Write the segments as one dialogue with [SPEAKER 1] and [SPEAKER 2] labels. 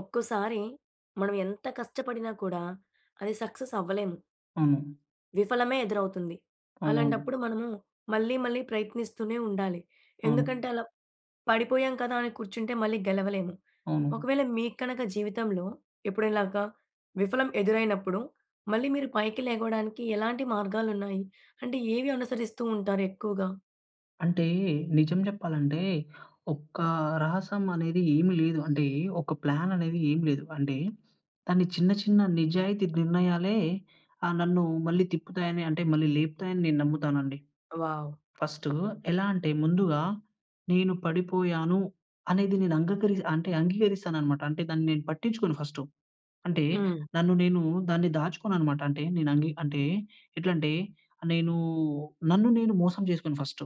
[SPEAKER 1] ఒక్కోసారి మనం ఎంత కష్టపడినా కూడా అది సక్సెస్ అవ్వలేము.
[SPEAKER 2] అవును.
[SPEAKER 1] విఫలమే ఎదురవుతుంది.
[SPEAKER 2] అవునవును.
[SPEAKER 1] అలాంటప్పుడు మనము మళ్ళీ, మళ్ళీ ప్రయత్నిస్తూనే ఉండాలి.
[SPEAKER 2] అవును.
[SPEAKER 1] ఎందుకంటే, అలా పడిపోయాం కదా! అని కూర్చుంటే మళ్ళీ గెలవలేము.
[SPEAKER 2] అవును.
[SPEAKER 1] ఒకవేళ మీకు కనుక జీవితంలో ఎప్పుడై‌నా ఇలాగా విఫలం ఎదురైనప్పుడు మళ్ళీ మీరు పైకి లేగవడానికి ఎలాంటి మార్గాలున్నాయి. అంటే ఏవి అనుసరిస్తూ ఉంటారు ఎక్కువగా?
[SPEAKER 2] అంటే నిజం చెప్పాలంటే ఒక రహస్యం అనేది ఏమి లేదు. అంటే ఒక ప్లాన్ అనేది ఏమి లేదు. అంటే దాన్ని చిన్న, చిన్న నిజాయితీ నిర్ణయాలే ఆహ్, నన్ను మళ్ళి తిప్పుతాయని అంటే మళ్ళీ లేపుతాయి అని నేను నమ్ముతాను అండి.
[SPEAKER 1] వావ్!
[SPEAKER 2] ఫస్టు ఎలా అంటే ముందుగా నేను పడిపోయాను. అనేది నేను అంగీక‌‌రీ అంగీకరిస్తాను అన్నమాట. అంటే దాన్ని నేను పట్టించుకోను ఫస్టు. అంటే
[SPEAKER 1] హ్మ్.
[SPEAKER 2] నన్ను నేను దాన్ని దాచుకోనన్నమాట. అంటే నేను అంగీ అంటే ఎట్లా అంటే నేను నన్ను నేను మోసం చేసుకోను ఫస్టు.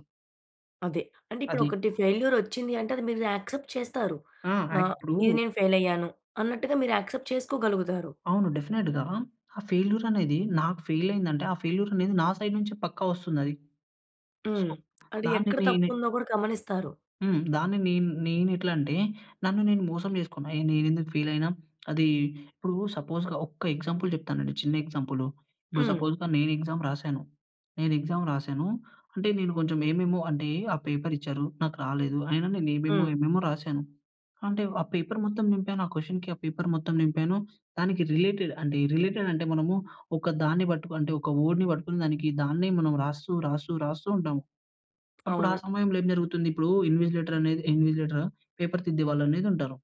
[SPEAKER 1] అదే. అంటే ఇప్పుడు
[SPEAKER 2] అది.
[SPEAKER 1] ఒకటి ఫెయిల్యూర్ వచ్చింది అంటే అది మీరు యాక్సెప్ట్ చేస్తారు.
[SPEAKER 2] ఆ!
[SPEAKER 1] న
[SPEAKER 2] ఆక్ ఇప్పుడు
[SPEAKER 1] ఇది నేను ఫెయిల్ అయ్యాను అన్నట్టుగా మీరు యాక్సెప్ట్ చేసుకోగలుగుతారు.
[SPEAKER 2] అవును. డెఫినిట్‌గా ఆ ఫెయిల్యూర్ అనేది నాకు ఫెయిల్ అయింది అంటే ఆ ఫెయిల్యూర్ అనేది నా సైడ్ నుంచి పక్క వస్తుంది అది. సో,
[SPEAKER 1] హ్మ్. అది
[SPEAKER 2] దాన్ని
[SPEAKER 1] ఎక్కడ తప్పు
[SPEAKER 2] నేనె
[SPEAKER 1] ఉందో కూడా గమనిస్తారు.
[SPEAKER 2] హ్మ్. దాన్ని నేను, నేను ఎట్ల అంటే నన్ను నేను మోసం చేసుకున్నా, నేనెందుకు ఫీల్ అయినా! అది ఇప్పుడు సపోజ్‌గా ఒక్క ఎగ్జాంపుల్ చెప్తానండి చిన్న ఎగ్జాంపుల్. ఇప్పుడు
[SPEAKER 1] హ్మ్.
[SPEAKER 2] సపోజ్‌గా నేను ఎగ్జామ్ రాశాను. నేను ఎగ్జామ్ రాసాను అంటే నేను కొంచెం ఏమేమో అంటే పేపరిచ్చారు. నాకు రాలేదు. అయినా నేను ఏమేమో,
[SPEAKER 1] హ్మ్.
[SPEAKER 2] ఏమేమో రాసాను. అంటే పేపర్ మొత్తం నింపాను ఆ క్వెషన్‌కి పేపర్ మొత్తం నింపాను. దానికి రిలేటెడ్ అంటే రిలేటెడ్ అంటే మనము ఒక దాన్ని పట్టుకు అంటే ఒక వర్డ్‌ని పట్టుకొని దానికి దాన్నే మనం రాస్తూ, రాస్తూ, రాస్తూ ఉంటాము. అప్పుడు ఆ
[SPEAKER 1] అవును.
[SPEAKER 2] సమయంలో ఏం జరుగుతుంది? ఇప్పుడు ఇన్విసిలేటర్ అనేది ఇన్విసిలేటరా పేపర్ తిద్దే వాళ్ళు అనేది ఉంటారు.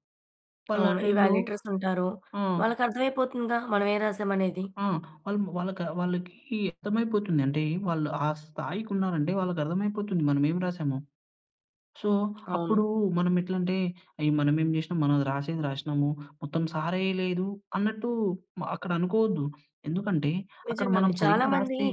[SPEAKER 2] వాళ్ళు ఆ
[SPEAKER 1] అవును.
[SPEAKER 2] టైమ్‌లో
[SPEAKER 1] ఇవేల్యుయేటర్స్ ఉంటారు.
[SPEAKER 2] ఆ!
[SPEAKER 1] వాళ్ళకర్థమైపోతుందా? మనం ఏమి రాసామనేది.
[SPEAKER 2] ఆ! వలము వాలక వాళ్ళకి అర్థమైపోతుంది. అంటే వాళ్ళు ఆ స్థాయికి ఉన్నారంటే వాళ్ళకి అర్థమైపోతుంది మనం ఏమి రాసామో. సో,
[SPEAKER 1] అవును.
[SPEAKER 2] అప్పుడు మనం ఎట్లా అంటే, ఏ! మనమేం చేసినాం మనం రాసేది రాసినాము. మొత్తం సారెయ్యలేదు అన్నట్టు మ అక్కడ అనుకోవద్దు. ఎందుకంటే అక్కడ
[SPEAKER 1] నిజంగానే.
[SPEAKER 2] మనం
[SPEAKER 1] చాలా
[SPEAKER 2] సరిగ్గా
[SPEAKER 1] మంది
[SPEAKER 2] రాస్తే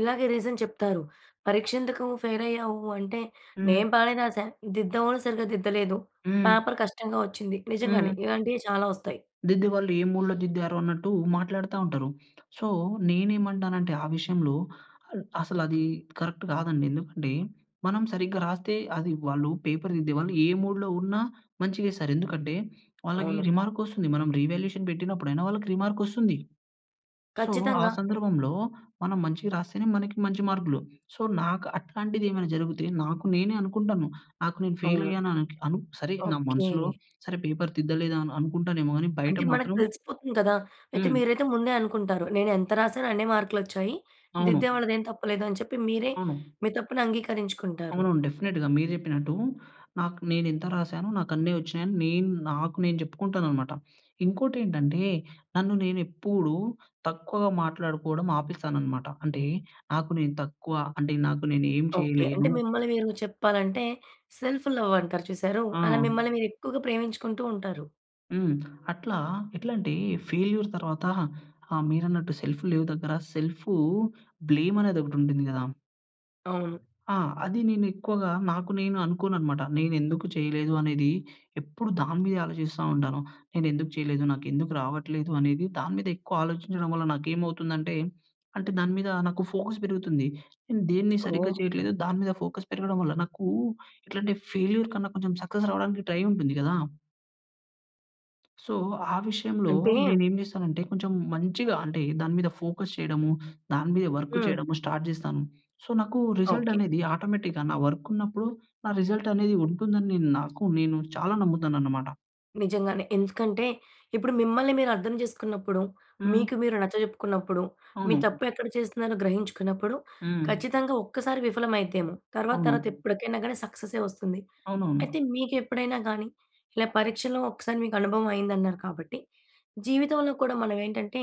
[SPEAKER 1] ఇలాగే రీజన్ చెప్తారు. పరీక్ష ఎందుకు ఫెయిల్ అయ్యావు? అంటే,
[SPEAKER 2] హ్మ్.
[SPEAKER 1] నేను బానే రాసా. దిద్దేవాళ్ళు సరిగ్గా దిద్దలేదు.
[SPEAKER 2] హ్మ్.
[SPEAKER 1] పేపర్ కష్టంగా వచ్చింది. నిజంగానే
[SPEAKER 2] హ్మ్.
[SPEAKER 1] ఇలాంటివి చాలా వస్తాయి.
[SPEAKER 2] దిద్దే వాళ్ళు ఏ మూడ్‌లో దిద్దారో అన్నట్టు మాట్లాడుతా ఉంటారు. సో, నేనేమంటానంటే ఆ విషయంలో ఆహ్, అసలు అది కరెక్ట్ కాదండి. ఎందుకంటే, మనం సరిగ్గా రాస్తే అది వాళ్ళు పేపర్ దిద్దే వాళ్ళు ఏ మూడ్‌లో ఉన్న మంచి గేస్తారు. ఎందుకంటే వాళ్ళకి
[SPEAKER 1] అవును.
[SPEAKER 2] రిమార్క్ వస్తుంది. మనం రీ‌వాల్యుయేషన్ పెట్టినప్పుడు అయి‌‌నా వాళ్ళకి రిమార్క్ వస్తుంది. సో, ఆ
[SPEAKER 1] ఖచ్చితంగా.
[SPEAKER 2] సందర్భంలో మనం మంచి‌‌గా రాస్తేనే మనకి మంచి మార్కులు. సో, నాకు అట్లాంటిది ఏమైనా జరిగితే నాకు నేనే అనుకుంటాను. నాకు నేను ఫెయిల్
[SPEAKER 1] అవును.
[SPEAKER 2] అయ్యాన కు అనుక్
[SPEAKER 1] ఓకే.
[SPEAKER 2] సరే పేపర్ తిద్దలే‌దేమో అనుకుంటానేమో కాని బయట
[SPEAKER 1] అంటే మనకు
[SPEAKER 2] మాత్రం
[SPEAKER 1] తెలిసిపోతుంది కదా! అయితే
[SPEAKER 2] హ్మ్.
[SPEAKER 1] మీరైతే ముందే అనుకుంటారు, నేను ఎంత రాసానో అన్నే మార్కులొచ్చాయి. దిద్దే
[SPEAKER 2] అవును.
[SPEAKER 1] వాళ్ళ‌దేం తప్పులేదు అని చెప్పి మీరే
[SPEAKER 2] అవును.
[SPEAKER 1] మీ తప్పును అంగీకరించుకుంటారు.
[SPEAKER 2] అవునవును. డెఫినిట్‌గా. మీరు చెప్పినట్టు నాకు నేనెంత రాసాను నాకు అన్ని వచ్చినాయి అని నాకు నేను చెప్పుకుంటానన్నమాట. ఇంకోటేంటంటే నన్ను నేను ఎప్పుడు తక్కువగా మాట్లాడుకోవడం ఆపేస్తాననమాట. అంటే నాకు నేను తక్కువ అంటే నాకు నేను ఏమి
[SPEAKER 1] ఓకే. అంటే
[SPEAKER 2] చేయలేను
[SPEAKER 1] మిమ్మల్ని మీరు చెప్పాలంటే సెల్ఫ్‌లవ్ అంటారు చూసారూ! అలా
[SPEAKER 2] ఆ!
[SPEAKER 1] మిమ్మల్ని మీరు ఎక్కువగా ప్రేమించుకుంటూ ఉంటారు.
[SPEAKER 2] హ్మ్. అట్లా ఎట్లంటే ఫెయిల్యూర్ తర్వాత ఆహ్, మీరన్నట్టు సెల్ఫ్ లేవ్ దగ్గర సెల్ఫూ బ్లేమ్ అనేదొకటుంటుంది గదా!
[SPEAKER 1] అవును.
[SPEAKER 2] ఆ! అది నేను ఎక్కువగా నాకు నేను అనుకోననమాట. నేనెందుకు చేయలేదు అనేది ఎప్పుడు దాని మీదే ఆలోజిస్తా ఉంటాను. నేనెందుకు చేయలేదు నాకెందుకు రావట్లేదు అనేది దాని మీద ఎక్కువ ఆలోజించడం వల్ల నాకేమవుతుందంటే, అంటే దాని మీద నాకు ఫోకస్ పెరుగుతుంది. నేను దేన్ని సరిగ్గా
[SPEAKER 1] ఓహో!
[SPEAKER 2] చేయట్లేదు దాని మీద ఫోకస్ పెరగడం వల్ల నాకు ఎట్లంటే ఫెయిల్యూర్ కన్నా కొంచెం సక్సెస్ రావడానికి ట్రై ఉంటుంది గదా! సో, ఆ విషయంలో
[SPEAKER 1] అంటే
[SPEAKER 2] నేనేం జేస్తానంటే కొంచెం మంచిగా అంటే దాని మీద ఫోకస్ చేయడము, దాని మీద వర్క్
[SPEAKER 1] హ్మ్.
[SPEAKER 2] చేయడము స్టార్ట్ జేస్తాను. సో, నాకు రిజల్ట్
[SPEAKER 1] ఓకే.
[SPEAKER 2] అనేది ఆటోమేటిక్‌గా నా వర్క్ ఉన్నప్పుడు నా రిజల్ట్ అనేది ఉంటుందని నాకు నేను చాలా నమ్ముతాననమాట.
[SPEAKER 1] నిజంగానే ఎందుకంటే ఇప్పుడు మిమ్మల్ని మీరు అర్థం జేసుకున్నప్పుడు, మీకు
[SPEAKER 2] హ్మ్.
[SPEAKER 1] మీరు నచ్చ జెప్పుకున్నప్పుడు, మీ
[SPEAKER 2] అవును.
[SPEAKER 1] తప్పు ఎక్కడ చేస్తున్నారో గ్రహించుకున్నప్పుడు
[SPEAKER 2] హ్మ్.
[SPEAKER 1] ఖచ్చితంగా ఒక్కసారి విఫలమైద్దేమో! తర్వాత తర్వాత
[SPEAKER 2] అవును.
[SPEAKER 1] ఎప్పటికైనా గాని సక్సెసే వస్తుంది.
[SPEAKER 2] అవునవును.
[SPEAKER 1] అయితే మీకెప్పుడైనా గానీ ఇలా పరీక్షలో ఒకసారి మీకు అనుభవం అయిందన్నారు కాబట్టి, జీవితంలో కూడా మనవేంటంటే,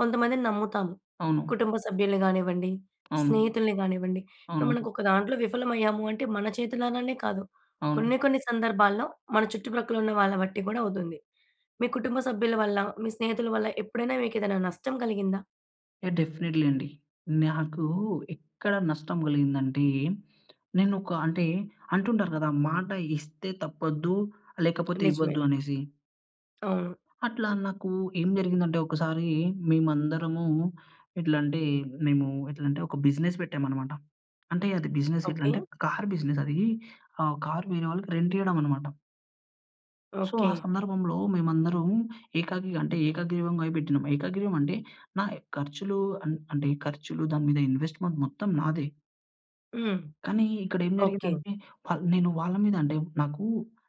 [SPEAKER 1] కొంతమందిని నమ్ముతాము.
[SPEAKER 2] అవును.
[SPEAKER 1] కుటుంబ సభ్యుల్ని గానివ్వండి,
[SPEAKER 2] అవును.
[SPEAKER 1] స్నేహితుల్ని గానివ్వండి, ఇప్పుడు
[SPEAKER 2] అవును.
[SPEAKER 1] మనకొక దాంట్లో విఫలమయ్యాము అంటే మన చేతులారానే కాదు.
[SPEAKER 2] అవును.
[SPEAKER 1] కొన్ని, కొన్ని సందర్భాల్లో మన చుట్టుప్రక్కల ఉన్న వాళ్ళ బట్టి గూడా అవుతుంది. మీ కుటుంబ సభ్యుల వళ్ళ, మీ స్నేహితుల వళ్ళ ఎప్పుడైనా మీకేదైనా నష్టం కలిగిందా?
[SPEAKER 2] ఏహ్! డెఫినిట్‌లి అండి. నాకు ఎక్కడ నష్టం కలిగిందంటే. నేనొక అంటే అంటుంటారు గదా, మాట ఇస్తే తప్పొద్దు లేకపోతే
[SPEAKER 1] నిజమే.
[SPEAKER 2] ఇవ్వద్దు అనేసి.
[SPEAKER 1] అవును.
[SPEAKER 2] అట్లా నాకు ఏం జరిగిందంటే ఒకసారి మేమందరము ఎట్లా అంటే, మేము ఎట్లంటే ఒక బిజినెస్ పెట్టామనమాట. అంటే, అది బిజినెస్ ఎట్లా
[SPEAKER 1] ఓకె.
[SPEAKER 2] అంటే కార్ బిజినెస్ అది. ఆహ్, కార్ వేరే వాళ్ళకి రెంట్ ఇయ్యడం అనమాట. సో, ఆ
[SPEAKER 1] ఓకె.
[SPEAKER 2] సందర్భంలో మేమందరం ఏకగీ అంటే ఏకగ్రీవంగా పెట్టినాం. ఏకగ్రీవం అంటే, నాయి ఖర్చులు అన్ అంటే ఖర్చులు దాని మీద ఇన్వెస్ట్మెంట్ మొత్తం నాదే.
[SPEAKER 1] హ్మ్.
[SPEAKER 2] కానీ, ఇక్కడేం
[SPEAKER 1] ఓకె.
[SPEAKER 2] జరిగిందంటే వాల్ నేను వాళ్ళ మీద అంటే, నాకూ,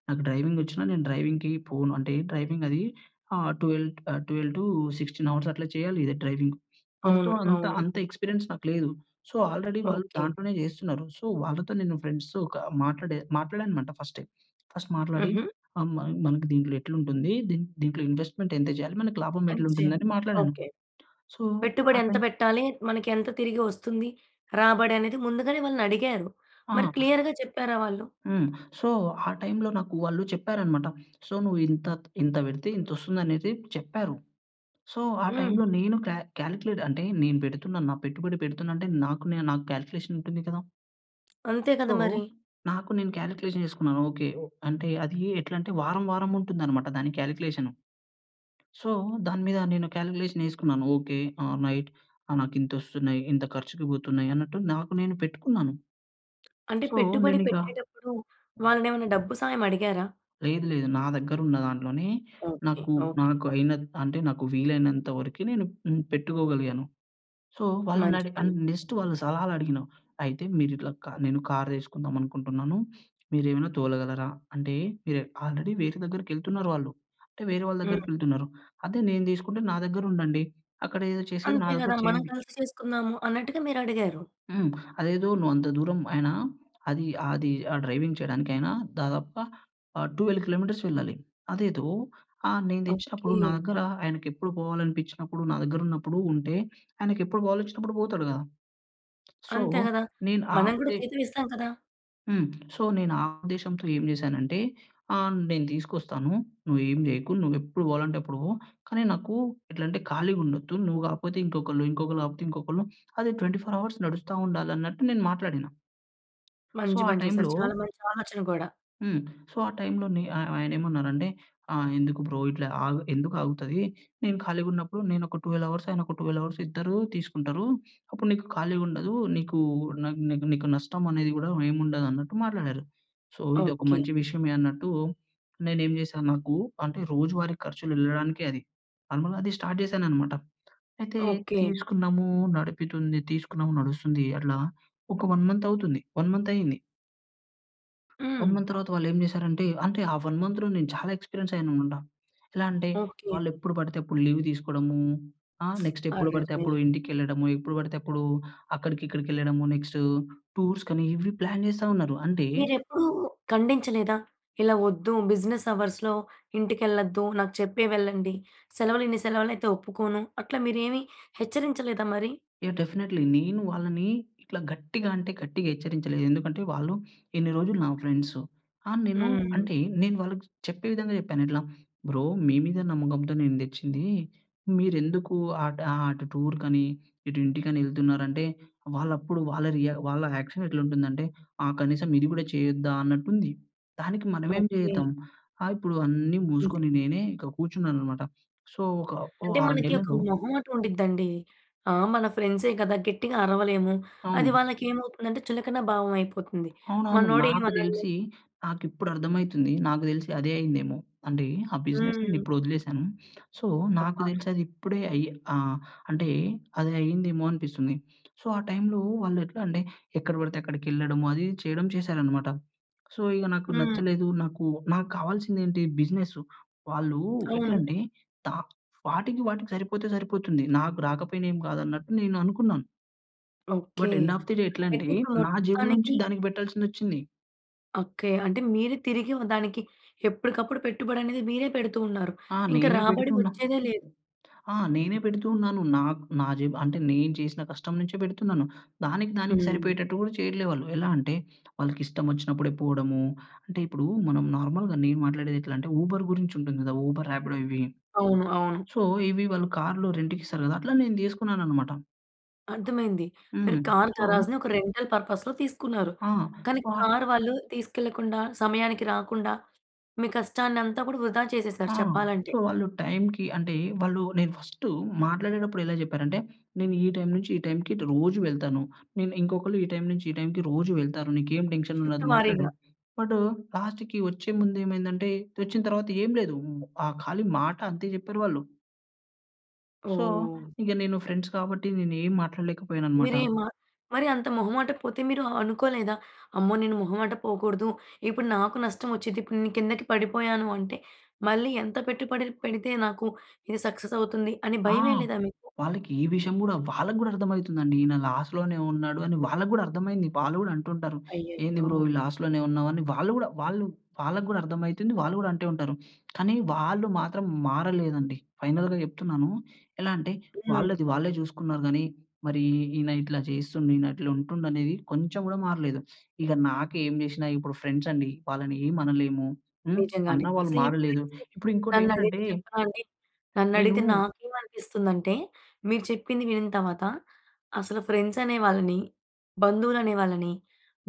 [SPEAKER 2] నాకు డ్రైవింగ్ వచ్చినా నేను డ్రైవింగ్‌కి పోను. అంటే డ్రైవింగ్ అది ఆహ్, 12 ఆహ్, 12-16 అవర్స్ అట్లా చేయాలి ఇదే డ్రైవింగ్. మనతో
[SPEAKER 1] అవును.
[SPEAKER 2] అంత
[SPEAKER 1] అవును.
[SPEAKER 2] అంత ఎక్స్పీరియన్స్ నాకు లేదు. సో, ఆల్రెడీ వాళ్ళు
[SPEAKER 1] ఓకె.
[SPEAKER 2] దాంట్లోనే చేస్తున్నారు. సో, వాళ్ళతో నేను ఫ్రెండ్స్‌తో ఒక మాట్లాడే మాట్లాడాను అనమాట ఫస్టే. ఫస్ట్ మాట్లాడి,
[SPEAKER 1] హుహు.
[SPEAKER 2] ఆహ్, మ మనకి దీంట్లో ఎట్ల ఉంటుంది, దీన్ దీంట్లో ఇన్వెస్ట్మెంట్ ఎంత చేయాలి? మనకు లాభం
[SPEAKER 1] ఎంత
[SPEAKER 2] ఎట్లా
[SPEAKER 1] చేయాలి.
[SPEAKER 2] ఉంటుందని మాట్లాడాను. సో, ఆ
[SPEAKER 1] ఓకె.పెట్టుబడి ఎంత
[SPEAKER 2] టైం
[SPEAKER 1] పెట్టాలి? మనకెంత తిరిగి వస్తుంది రాబడి అనేది ముందుగానే వాళ్ళని అడిగారు. మరి
[SPEAKER 2] ఆ!
[SPEAKER 1] క్లియర్‌గా చెప్పారా వాళ్ళు?
[SPEAKER 2] హ్మ్. సో, ఆహ్, టైంలో నాకు వాళ్ళు చెప్పారనమాట. సో, నువ్వు ఇంత ఇంత పెడితే ఇంత వస్తుంది అనేసి చెప్పారు. సో, ఆ
[SPEAKER 1] హ్మ్.
[SPEAKER 2] టైంలో నేను కా కాలిక్యులేట్ అంటే నేను పెడుతున్నాను. నా పెట్టుబడి పెడుతున్నా అంటే నాకు నా నాకు కాలిక్యులేషన్ ఉంటుంది కదా!
[SPEAKER 1] అంతే
[SPEAKER 2] సో,
[SPEAKER 1] గదా! మరి.
[SPEAKER 2] నాకు నేను కాల్కులేషన్ జేసుకున్నాను, ఓకె. అంటే అది ఎట్లా అంటే వారం వారం ఉంటుందన్నమాట దాని కాల్కులేషను. సో, దాని మీద నేను కాల్కులేషన్ ఏసుకున్నాను ఓకె. ఆల్‌రైట్. ఆ! నాకింతొస్తున్నయి, ఇంత ఖర్చుకి బోతున్నాయి అన్నట్టు, నాకు నేను పెట్టుకున్నాను.
[SPEAKER 1] అంటే
[SPEAKER 2] సో,
[SPEAKER 1] పెట్టుబడి
[SPEAKER 2] నేనిగ
[SPEAKER 1] పెట్టేటప్పుడు వాళ్ళనేమైనా డబ్బు సాయం అడిగారా?
[SPEAKER 2] లేదు లేదు. నా దగ్గరున్న దాంట్లోనే
[SPEAKER 1] ఓకె
[SPEAKER 2] నాకు,
[SPEAKER 1] ఓకె.
[SPEAKER 2] నాకు అయినత్ అంటే నాకు వీలైనంత వరకు నేను హ్మ్, పెట్టుకోగలిగాను. సో వాళ్ళని
[SPEAKER 1] మంచి
[SPEAKER 2] అడి
[SPEAKER 1] పని.
[SPEAKER 2] అండ్ నెక్స్ట్ వాళ్ళు సలహాలడిగిన అయితే, మీరు ఇట్లా నేను కార్ దీసుకుందాం అనుకుంటున్నాను, మీరేమైనా తోలగలరా? అంటే మీరు ఆల్రెడీ వేరే దగ్గరికి యెళ్తున్నారు వాళ్ళు. అంటే వేరే వాళ్ళ దగ్గరికి
[SPEAKER 1] హ్మ్.
[SPEAKER 2] యెళ్తున్నారు. అదే నేను దీసుకుంటే నా దగ్గర ఉండండి, అక్కడేదో చేసేది నా
[SPEAKER 1] అంతే
[SPEAKER 2] దగ్గర
[SPEAKER 1] గదా! మనం
[SPEAKER 2] చేయండి.
[SPEAKER 1] కలిసి చేసుకుందాము, అన్నట్టుగా మీరడిగారు.
[SPEAKER 2] హ్మ్. అదేదో నువ్వు అంత దూరం అయినా అది ఆహ్, అది ఆ డ్రైవింగ్ చేయడానికి ఆయన దాదాపుగా ఆహ్, 12 కిలోమీటర్స్ వెళ్ళాలి. అదేదో ఆహ్, నేను దెచ్చినప్పుడు నా
[SPEAKER 1] ఓకె.
[SPEAKER 2] దగ్గర ఆయనకి ఎప్పుడు పోవాలనిపిచ్చినప్పుడు, నా దగ్గరున్నప్పుడు ఉంటే ఆయనకెప్పుడు బోవాలొచ్చినప్పుడు పోతాడు గదా. సో,
[SPEAKER 1] అంతే గదా!
[SPEAKER 2] నేను
[SPEAKER 1] మనం గూడా
[SPEAKER 2] ఆపితే
[SPEAKER 1] జీతం ఇస్తాం కదా!
[SPEAKER 2] హ్మ్. సో, నేను ఆ ఉద్దేశంతో ఏం జేశానంటే, ఆహ్, నేను తీసుకొస్తాను. నువ్వు ఏమి జేయకు. నువ్వు ఎప్పుడు పోవాలంటే అప్పుడు పో. కానీ, నాకు ఎట్లా అంటే ఖాళీగా ఉండొద్దు. నువ్వు గాకపోతే ఇంకొకళ్ళు. ఇంకొకళ్ళు గాకపోతే ఇంకొకళ్ళు. అది 24 అవర్స్ నడుస్తా ఉండాలి అన్నట్టు నేను మాట్లాడిన. సో,
[SPEAKER 1] మంచి
[SPEAKER 2] ఆ
[SPEAKER 1] పని చేసారు.
[SPEAKER 2] టైమ్‌లో
[SPEAKER 1] చాలా మంచి ఆలోచన గూడా.
[SPEAKER 2] హ్మ్. సో, ఆ టైమ్‌లో నే ఆయ ఆయన ఏమన్నారంటే, ఆహ్, ఎందుకు బ్రో ఇట్లా ఆగ్ ఎందుకు ఆగుతది? నేను ఖాళీగా ఉన్నప్పుడు నేను ఒక 12 అవర్స్, ఆయన ఒక 12 అవర్స్ ఇద్దరు తీసుకుంటరు. అప్పుడు నీకు ఖాళీగా ఉండదు. నీకు నాక్ నీకు, నీకు నష్టం అనేది గూడా ఏమి ఉండదు అన్నట్టు మాట్లాడారు. సో, ఇది ఒక
[SPEAKER 1] ఓకే.
[SPEAKER 2] మంచి విషయమే అన్నట్టు నేను ఏం జేశాను, నాకు అంటే రోజువారీ ఖర్చులు ఎళ్ళడానికే అది. నార్మల్‌గా అది స్టార్ట్ చేశాననమాట. అయితే
[SPEAKER 1] ఓకే.
[SPEAKER 2] తీసుకున్నాము. నడుపుతుంది. తీసుకున్నాము. నడుస్తుంది అట్లా ఒక 1 మంతవుతుంది. 1 మంతయింది. 1
[SPEAKER 1] హ్మ్.
[SPEAKER 2] మంత్ తర్వాత వాళ్ళు ఏం జేశారంటే. అంటే ఆ 1 మంత్‌లో నేను చాలా ఎక్స్‌పిరియన్స్ అయ్యాను అనమాట. ఎలా అంటే
[SPEAKER 1] ఓకే.
[SPEAKER 2] వాళ్ళు ఎప్పుడు పడితే అప్పుడు లీవ్ తీసుకోవడము. ఆహ్, నెక్స్ట్ ఎప్పుడు పడితే
[SPEAKER 1] అర్రెరే!
[SPEAKER 2] అప్పుడు ఇంటికేళ్ళడము. ఎప్పుడు పడితే అప్పుడు అక్కడికిక్కడికేళ్ళడము. నెక్స్టూ టూర్స్‌కనీ, ఇవి ప్లాన్ జేస్తా ఉన్నారు. అంటే
[SPEAKER 1] మీరెప్పుడూ ఖండించలేదా? ఇలా వద్దు. బిజినెస్ అవర్స్‌లో ఇంటికెళ్ళొద్దు. నాకు చెప్పే వెళ్ళండి. సెలవులు ఇన్ని సెలవులు అయితే ఒప్పుకోను. అట్లా మీరేమీ హెచ్చరించలేదా మరి?
[SPEAKER 2] యాహ్! డెఫినెట్లీ. నేను వాళ్ళని ఇట్లా గట్టిగా అంటే గట్టిగా హెచ్చరించలేదు. ఎందుకంటే వాళ్ళు ఇన్ని రోజులు నా ఫ్రెండ్స్ ఆహ్, నేను
[SPEAKER 1] హ్మ్.
[SPEAKER 2] అంటే నేను వాళ్ళకి చెప్పే విధంగా చెప్పాను. ఇట్లా బ్రో మీ మీద నమ్మకంతో నేను తెచ్చింది. మీరెందుకు అట్ ఆహ్, అటు టూర్‌కని ఇటు ఇంటికని ఎళ్తున్నారంటే? వాళ్ళప్పుడు వాళ్ళ రియా వాళ్ళ యాక్షన్ ఎట్లా ఉంటుందంటే? ఆహ్, కనీసం ఇది గూడా చేయొద్దా? అన్నట్టు ఉంది. దానికి మనమేం
[SPEAKER 1] ఓకే.
[SPEAKER 2] చేద్దాం. ఆహ్, ఇప్పుడు అన్నీ
[SPEAKER 1] అంతే.
[SPEAKER 2] మూసుకొని నేనే ఇక్కడ కూర్చున్నాను అనమాట. సో, ఒక
[SPEAKER 1] అంటే
[SPEAKER 2] ఆహ్,
[SPEAKER 1] మనకి ఒక
[SPEAKER 2] నెలలో
[SPEAKER 1] మొహమాటం ఉండిద్దండి. ఆహ్, మన ఫ్రెండ్సే గదా! గెట్టిగా అరవలేము. అది
[SPEAKER 2] అవును.
[SPEAKER 1] వాళ్ళకేమవుతుందంటే చులకన భావం అయిపోతుంది.
[SPEAKER 2] అవునవును.
[SPEAKER 1] మనోడు ఏమి
[SPEAKER 2] నాకు
[SPEAKER 1] అనడులే
[SPEAKER 2] తెలిసి నాకు ఇప్పుడు అర్థం అయితుంది. నాకు తెలిసి అదే అయిందేమో. అంటే ఆ బిజినెస్‌ని
[SPEAKER 1] హ్మ్.
[SPEAKER 2] ఇప్పుడు వదిలేసాను. సో, నాకు
[SPEAKER 1] అబ్బా!
[SPEAKER 2] తెలిసి అది ఇప్పుడే అయ్ ఆహ్, అంటే అది అయిందేమో అనిపిస్తుంది. సో, ఆ టైమ్‌లో వాళ్ళు ఎట్లా అంటే, ఎక్కడ పడితే అక్కడికేళ్ళడము అది, ఇది చేయడం చేసారనమాట. సో, ఇగ నాకు
[SPEAKER 1] హ్మ్.
[SPEAKER 2] నచ్చలేదు. నాకు, నాకు కావాల్సింది ఏంటి బిజినెస్సు. వాళ్ళు ఎట్ల
[SPEAKER 1] అవును.
[SPEAKER 2] అంటే తా వాటికి, వాటికి సరిపోతే సరిపోతుంది. నాకు రాకపోయినా ఏమి కాదు అన్నట్టు నేను అనుకున్నాను.
[SPEAKER 1] Okay.
[SPEAKER 2] But, end of the day
[SPEAKER 1] అయితే,
[SPEAKER 2] ఎట్లంటే,
[SPEAKER 1] ఇప్పుడు
[SPEAKER 2] నా జేబులో నుంచి
[SPEAKER 1] మొత్తానికి
[SPEAKER 2] దానికి పెట్టాల్సిందొచ్చింది.
[SPEAKER 1] అక్కయ్య. అంటే, మీరే తిరిగి ఆహ్, దానికి ఎప్పుడుకప్పుడు పెట్టుబడనేది మీరే పెడుతూ ఉన్నారు.
[SPEAKER 2] ఆ!
[SPEAKER 1] ఇంక
[SPEAKER 2] నేనే
[SPEAKER 1] రాబడి
[SPEAKER 2] పెడుతూన్నా.
[SPEAKER 1] ఒచ్చేదే లేదు.
[SPEAKER 2] ఆ! నేనే పెడుతూ ఉన్నాను. నాకు నా జేబు అంటే, నేను చేసిన కష్టం నుంచే పెడుతున్నాను. దానికి దానికి
[SPEAKER 1] హ్మ్.
[SPEAKER 2] సరిపోయేటట్టు గూడా చెయ్యట్లే వాళ్ళు. ఎలా అంటే, వాళ్ళకిష్టమొచ్చినప్పుడే పోడము అంటే, ఇప్పుడూ మనం నార్మల్‌గా నేను మాట్లాడేదెట్లంటే, ఊబర్ గురించుంటుంది గదా! ఊబర్, రాపిడో ఇవి.
[SPEAKER 1] అవును. అవును.
[SPEAKER 2] సో, ఇవి వాళ్ళు కార్‌లు రెంట్‌కిస్తారు గదా! అట్లా నేను తీసుకున్నాననమాట.
[SPEAKER 1] అర్థమైంది. మీరు
[SPEAKER 2] హ్మ్.
[SPEAKER 1] కార్
[SPEAKER 2] సో,
[SPEAKER 1] గరాజ్‌ని ఒక రెంటల్ పర్పస్‌లో తీసుకున్నారు,
[SPEAKER 2] ఆ!
[SPEAKER 1] కానీ
[SPEAKER 2] [unintelligible]
[SPEAKER 1] కార్ వాళ్ళు తీసుకెళ్ళకుండా, సమయానికి రాకుండా, మీ కష్టాన్నంతా కూడా వృధా చేసేశారు
[SPEAKER 2] ఆ!
[SPEAKER 1] చెప్పాలంటే.
[SPEAKER 2] సో, వాళ్ళు టైమ్‌కి అంటే, వాళ్ళు నేను ఫస్టు మాట్లాడేటప్పుడెలా జెప్పారంటే, నేను ఈ టైమ్ నుంచి ఈ టైమ్‌కిటు రోజు వెళ్తాను. నేను ఇంకొకళ్ళు ఈ టైమ్ నుంచి ఈ టైమ్‌కి రోజూ వెళ్తారు. నీకేం
[SPEAKER 1] షిఫ్టు
[SPEAKER 2] టెన్షనుండదు మాట్లాడు,
[SPEAKER 1] వారీగా.
[SPEAKER 2] బట్టు లాస్ట్‌కి ఒచ్చే ముందేమైందంటే, తెచ్చిన తర్వాత ఏం లేదూ. హ్మ్, ఆహ్, ఖాళీ మాట అంతే చెప్పారు వాళ్ళు. సో,
[SPEAKER 1] ఓహ్!
[SPEAKER 2] ఇంగ నేను ఫ్రెండ్స్ కాబట్టి, నేనేం మాట్లాడలేకపోయాననమాట.
[SPEAKER 1] మీరేమ మరీ అంత మొహమాటకపోతే మీరు ఆహ్, అనుకోలేదా? అమ్మో! నేను మొహమాట పోకూడదు, ఇప్పుడు నాకు నష్టవొచ్చిద్ది, ఇప్పుడు నే కిందకి పడిపోయాను అంటే, మళ్ళీ ఎంత పెట్టుబడి పెడితే నాకు, ఇది సక్సెసవుతుంది అని
[SPEAKER 2] ఆ!
[SPEAKER 1] భయమెయలేదా మీకు?
[SPEAKER 2] వాళ్ళకే విషయం గూడా, వాళ్ళకు గూడా అర్థమయితుందండి, ఈన లాస్‌లోనే ఉన్నాడు అని వాళ్ళకు గూడా అర్థమైంది. వాళ్ళు గూడా అంటుంటారు, "ఏంది
[SPEAKER 1] అయ్యయ్యో!
[SPEAKER 2] బ్రో ఈ లాస్‌లోనే ఉన్నావు?" అని వాళ్ళు గూడా వాళ్ళు వాళ్ళకు గూడర్థమయితుంది. వాళ్ళు గూడంటే ఉంటారు, కానీ వాళ్ళు మాత్రం మారలేదండి, ఫైనల్‌గా చెప్తున్నాను. ఎలా అంటే,
[SPEAKER 1] హ్మ్.
[SPEAKER 2] వాళ్ళది వాళ్ళే చూసుకున్నారు, గానీ మరి ఈ ఈన ఇట్లా చేస్తుండు, ఈనట్లా ఉంటుండనేది కొంచం గూడా మారలేదు. ఇగ నాకేం జేషినా, ఇప్పుడు ఫ్రెండ్సండి. వాళ్ళనేమనలేము. హ్మ్,
[SPEAKER 1] నిజంగానే.
[SPEAKER 2] అన్నా వాళ్ళు
[SPEAKER 1] అసలు ఈ
[SPEAKER 2] మారలేదు.
[SPEAKER 1] ఫ్రెండ్స్‌ని
[SPEAKER 2] ఇప్పుడింకోటేంటంటే
[SPEAKER 1] నన్నడిగితే చెప్పనా అండి? నన్నడిగితే
[SPEAKER 2] నేనూ
[SPEAKER 1] నాకేమనిపిస్తుందంటే, మీరు చెప్పింది వినిని తరవాత, అసలు ఫ్రెండ్సనే వాళ్ళని, బంధువులనే వాళ్ళని,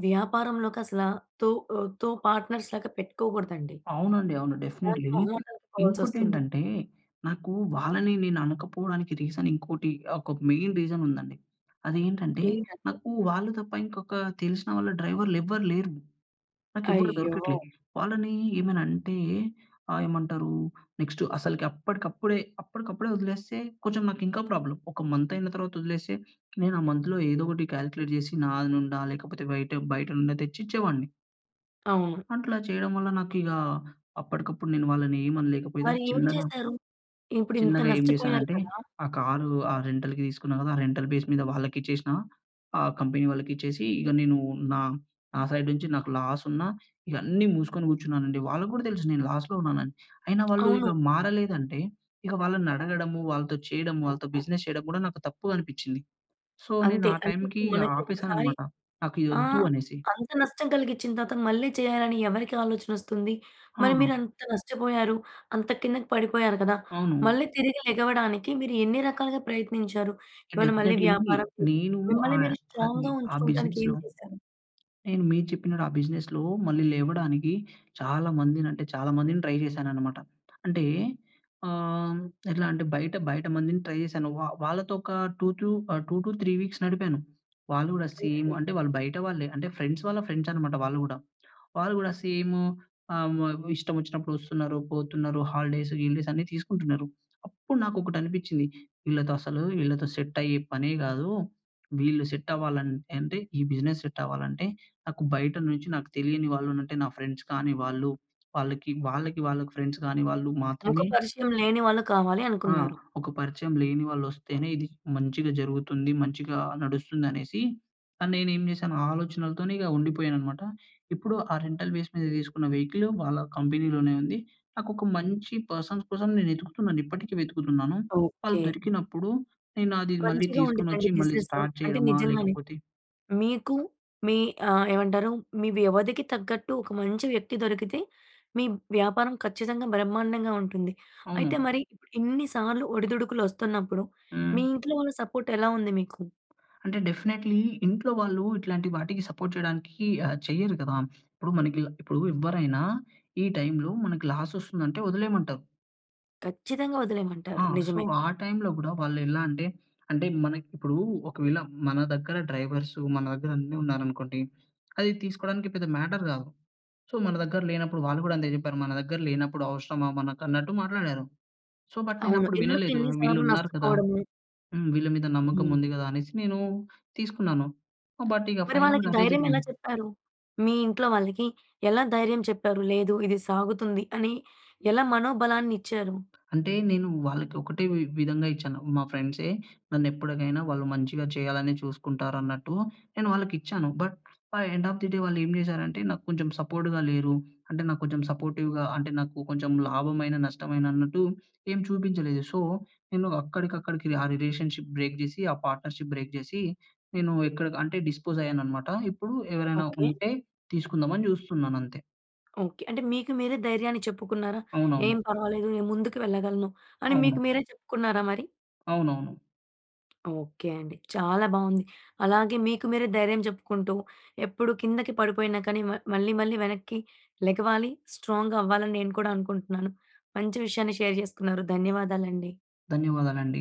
[SPEAKER 1] వ్యాపారంలోకి అసలా తో ఆహ్, కో పార్ట్‌నర్స్‌లాగా పెట్టుకోగూడదండి.
[SPEAKER 2] అవునండి. అవును.
[SPEAKER 1] ఇలాంటి
[SPEAKER 2] డెఫినిట్లీ.
[SPEAKER 1] మొహమాటలకు పోవాల్సొస్తుంది.
[SPEAKER 2] ఇంకోటేంటంటే, నాకూ, వాళ్ళనీ నేననకపోవడానికి రీజనింకోటి. ఒక మెయిన్ రీజనుందండి. అదేంటంటే,
[SPEAKER 1] ఏంటంటే
[SPEAKER 2] నాకూ వాళ్ళు తప్ప ఇంకొకా తెలిసిన వాళ్ళ డ్రైవర్‌లెవ్వరు లేరు. నాకెవ్వరు
[SPEAKER 1] అయ్యో!
[SPEAKER 2] దొరకట్లే. వాళ్ళనీ ఏమైనంటే, ఆహ్, ఏమంటరూ? నెక్స్ట్ అసలకి అప్పడికప్పడే, అప్పడికప్పడే ఒదిలేస్తే, కొంచం నాకింకా ప్రాబ్లమ్. ఒక మంతయిన తర్వాత ఒదిలేస్తే, నేను ఆ మంత్‍లో ఏదోకటి కాలిక్లేట్ జేసి నాది నుండా లేకపోతే బయట బయట నుండా తెచ్చిచ్చేవాడిని.
[SPEAKER 1] అవును.
[SPEAKER 2] అట్లా చేయడం వల్ల, నాకిగా అప్పటికప్పుడు నేను వాళ్ళని ఏమి అనలేకపోయినా
[SPEAKER 1] మరి ఏం
[SPEAKER 2] చిన్నగా
[SPEAKER 1] చేసారు? ఇప్పుడింత
[SPEAKER 2] చిన్నగా ఏం
[SPEAKER 1] నష్టపోయారు
[SPEAKER 2] చేశానంటే,
[SPEAKER 1] కదా!
[SPEAKER 2] ఆ కారు ఆ రెంటల్‌కి తీసుకున్నా కదా! ఆ రెంటల్ బేస్ మీద వాళ్ళకిచ్చేసిన ఆహ్, కంపెనీ వాళ్ళకి ఇచ్చేసి ఇగ నేను నా, నా సైడ్ నుంచి నాకు లాసున్నా, ఇగ అన్నీ మూసుకొని కూర్చున్నానండి. వాళ్ళకి కూడా తెలుసు నేను లాస్‌లో ఉన్నానని. అయినా వాళ్ళు
[SPEAKER 1] అవును.
[SPEAKER 2] ఇగ మారలేదంటే, ఇక వాళ్ళనడగడము, వాళ్ళతో చేయడము వాళ్ళతో బిజినెస్ చేయడం కూడా నాకు తప్పు అనిపించింది. సో, నేను
[SPEAKER 1] అంతే.
[SPEAKER 2] ఆ
[SPEAKER 1] అంటే
[SPEAKER 2] టైమ్‌కి
[SPEAKER 1] ఇప్పుడు మనకి ఒకసారి
[SPEAKER 2] ఆపేశాననమాట. నాకిది
[SPEAKER 1] ఆ!
[SPEAKER 2] వద్దు అనేసి.
[SPEAKER 1] అంత నష్టం కలిగించిన తర్వాత, మళ్ళీ చేయాలని ఎవరికీ ఆలోచన వస్తుంది? మరి
[SPEAKER 2] ఆహా!
[SPEAKER 1] మీరు అంత నష్టపోయారు. అంత కిందకి పడిపోయారు కదా!
[SPEAKER 2] అవును.
[SPEAKER 1] మళ్ళీ తిరిగి లెగవడానికి మీరు ఎన్ని రకాలుగా ప్రయత్నించారు? ఏమన్న మళ్ళీ
[SPEAKER 2] డెఫినెట్లీలీ
[SPEAKER 1] వ్యాపారం చేశారా?
[SPEAKER 2] నేను
[SPEAKER 1] మిమ్మల్ని
[SPEAKER 2] ఆహ్,
[SPEAKER 1] మీరు
[SPEAKER 2] అది
[SPEAKER 1] స్ట్రాంగ్‌గా
[SPEAKER 2] ఆ
[SPEAKER 1] ఉంచుకోవటానికేం
[SPEAKER 2] బిజినెస్‌లో
[SPEAKER 1] చేశారు?
[SPEAKER 2] నేను మీరు చెప్పినట్టు ఆ బిజినెస్‌లో మళ్ళీ లేవడానికి చాలా మందిని అంటే, చాలా మందిని ట్రై చేశాననమాట. అంటే ఆహ్, ఎలా అంటే బయట, బయట మందిని ట్రై చేశాను. వా వాళ్ళతో ఒక టూ టు ఆహ్, 2-3 వీక్స్ నడిపాను. వాళ్ళు కూడా సేమ్.
[SPEAKER 1] ఓకె.
[SPEAKER 2] అంటే, వాళ్ళు బయట వాళ్ళే. అంటే, ఫ్రెండ్స్ వాళ్ళ ఫ్రెండ్స్ అన్నమాట వాళ్ళు గూడా. వాళ్ళు గూడా సేము ఆహ్, హ్మ్ ఇష్టం వచ్చినప్పుడు వస్తున్నారు, పోతున్నారు హాలిడేస్, గీలిడేస్ అన్ని తీసుకుంటున్నారు. అప్పుడు నాకు ఒకటి అనిపించింది. వీళ్ళతో అసలు, వీళ్ళతో సెట్ అయ్యే పనే కాదు. వీళ్ళు సెట్ అవ్వాలంట్ అంటే, ఈ బిజినెస్ సెట్ అవ్వాలంటే, నాకు బయట నుంచి నాకు తెలియని వాళ్ళు అంటే నా ఫ్రెండ్స్ కాని వాళ్ళు. వాళ్ళకి, వాళ్ళకి, వాళ్ళకి ఫ్రెండ్స్ కాని వాళ్ళు
[SPEAKER 1] ముఖ
[SPEAKER 2] మాత్రమే
[SPEAKER 1] పరిచయం లేని వాళ్ళు కావాలి
[SPEAKER 2] ఆ!
[SPEAKER 1] అనుకున్నారు.
[SPEAKER 2] ఒక పరిచయం లేని వాళ్ళు వస్తేనే ఇది మంచిగా జరుగుతుంది, మంచిగా నడుస్తుంది అనేసి, అని నేనేం చేశాను, ఆ ఆలోచనలతోనే ఇగా ఉండిపోయాననమాట. ఇప్పుడు ఆ రెంటల్ బేస్ మీద తీసుకున్న వెహికలు వాళ్ళ కంపెనీలోనే ఉంది. నాకొక మంచి పర్సన్స్ కోసం నేనెతుకుతున్నానిప్పటికి వెతుకుతున్నాను. వాళ్ళు
[SPEAKER 1] ఓకె.
[SPEAKER 2] దొరికినప్పుడు, నేనది మళ్ళీ
[SPEAKER 1] మంచిగా ఉండీదండి
[SPEAKER 2] తీసుకొనొచ్చి మళ్ళీ
[SPEAKER 1] బిజినెస్సు.
[SPEAKER 2] స్టార్ట్
[SPEAKER 1] అంటే
[SPEAKER 2] చేయడమా?
[SPEAKER 1] నిజంగానే,
[SPEAKER 2] లేకపోతే
[SPEAKER 1] మీకు మీ ఆహ్, ఏవంటారు మీ వ్యవధికి తగ్గట్టు ఒక మంచి వ్యక్తి దొరికితే, మీ వ్యాపారం ఖచ్చితంగా బ్రహ్మాండంగా ఉంటుంది. అయితే
[SPEAKER 2] అవును.
[SPEAKER 1] మరి ఇన్ని సార్లు ఒడిదుడుకులు వస్తున్నప్పుడు,
[SPEAKER 2] హ్మ్.
[SPEAKER 1] మీ ఇంట్లో వాళ్ళ సపోర్ట్ ఎలా ఉంది మీకు?
[SPEAKER 2] అంటే, డెఫినెట్‌లీ ఇంట్లో వాళ్ళు ఇట్లాంటి వాటికి సపోర్ట్ చేయడానికి ఆహ్, చెయ్యరు కదా! ఇప్పుడు మనకి ఇలా ఇప్పుడు ఎవ్వరైనా ఈ టైమ్‌లో మనకి లాసొస్తుందంటే వదిలేయమంటారు.
[SPEAKER 1] ఖచ్చితంగా వదిలేయమంటారు.
[SPEAKER 2] ఆ! సో
[SPEAKER 1] నిజమే.
[SPEAKER 2] ఆ టైంలో గుడా వాళ్ళెలా అంటే, అంటే మనకి ఇప్పుడు ఒకవేళ మన దగ్గర డ్రైవర్సు మన దగ్గర అన్నీ ఉన్నారనుకోండి. అది తీసుకోవడానికి పెద్ద మ్యాటర్ కాదు. సో మన దగ్గర లేనప్పుడు వాళ్ళు కూడా అంతే చెప్పారు, మన దగ్గర లేనప్పుడు అవసరమా మనకు అన్నట్టు మాట్లాడారు. సో బట్ నేను
[SPEAKER 1] అవును
[SPEAKER 2] అప్పుడు
[SPEAKER 1] ఎందుకు
[SPEAKER 2] వినలేదు.
[SPEAKER 1] ఇన్ని
[SPEAKER 2] వీళ్ళు
[SPEAKER 1] సార్లు
[SPEAKER 2] ఉన్నారు కదా!
[SPEAKER 1] నష్టపోవడము?
[SPEAKER 2] హ్మ్, వీళ్ళ మీద నమ్మకం
[SPEAKER 1] హ్మ్.
[SPEAKER 2] ఉంది కదా అనేసి నేను తీసుకున్నాను. బట్ ఇక
[SPEAKER 1] మరి వాళ్ళకి
[SPEAKER 2] ఫైనల్‌గా అదే
[SPEAKER 1] ధైర్యం ఎలా
[SPEAKER 2] జరిగింది.
[SPEAKER 1] చెప్పారు? మీ ఇంట్లో వాళ్ళకి, ఎలా ధైర్యం చెప్పారు? లేదు ఇది సాగుతుంది అని ఎలా మనోబలాన్నిచ్చారు?
[SPEAKER 2] అంటే నేను వాళ్ళకి ఒకటే వి విధంగా ఇచ్చాను. మా ఫ్రెండ్సే నన్నెప్పటికైనా వాళ్ళు మంచిగా చేయాలనే చూసుకుంటారు అన్నట్టు నేను వాళ్ళకిచ్చాను. But end of the day వాళ్ళు ఏం చేసారంటే నాకు కొంచెం సపోర్ట్‌గా లేరు. అంటే నాకు కొంచెం సపోర్టివ్‌గా అంటే నాకు కొంచెం లాభమైన, నష్టమైన అన్నట్టు ఏం చూపించలేదు. సో నేను అక్కడికక్కడికి ఆ రిలేషన్‌షిప్ బ్రేక్ చేసి, ఆ పార్ట్నర్‌షిప్ బ్రేక్ చేసి, నేను ఎక్కడకంటే, డిస్పోజ్ అయ్యాననమాట. ఇప్పుడు ఎవరైనా
[SPEAKER 1] ఓకె.
[SPEAKER 2] ఉంటే తీసుకుందామని చూస్తున్నాను అంతే.
[SPEAKER 1] ఓకె. అంటే మీకు మీరే ధైర్యాన్ని చెప్పుకున్నారా? ఏం
[SPEAKER 2] అవునవును.
[SPEAKER 1] పర్వాలేదు నేను ముందుకు వెళ్ళగలను అని మీకు
[SPEAKER 2] అవును.
[SPEAKER 1] మీరే చెప్పుకున్నారా మరి?
[SPEAKER 2] అవునవును.
[SPEAKER 1] ఓకె అండి, చాలా బాగుంది. అలాగే మీకు మీరే ధైర్యం చెప్పుకుంటూ ఎప్పుడు కిందకి పడిపోయిన కానీ మ మళ్ళి మళ్ళి వెనక్కి లెగవాలి స్ట్రాంగ్ అవ్వాలి అని నేను కూడా అనుకుంటున్నాను. మంచి విషయాన్ని షేర్ చేసుకున్నారు. ధన్యవాదాలండి.
[SPEAKER 2] ధన్యవాదాలండి.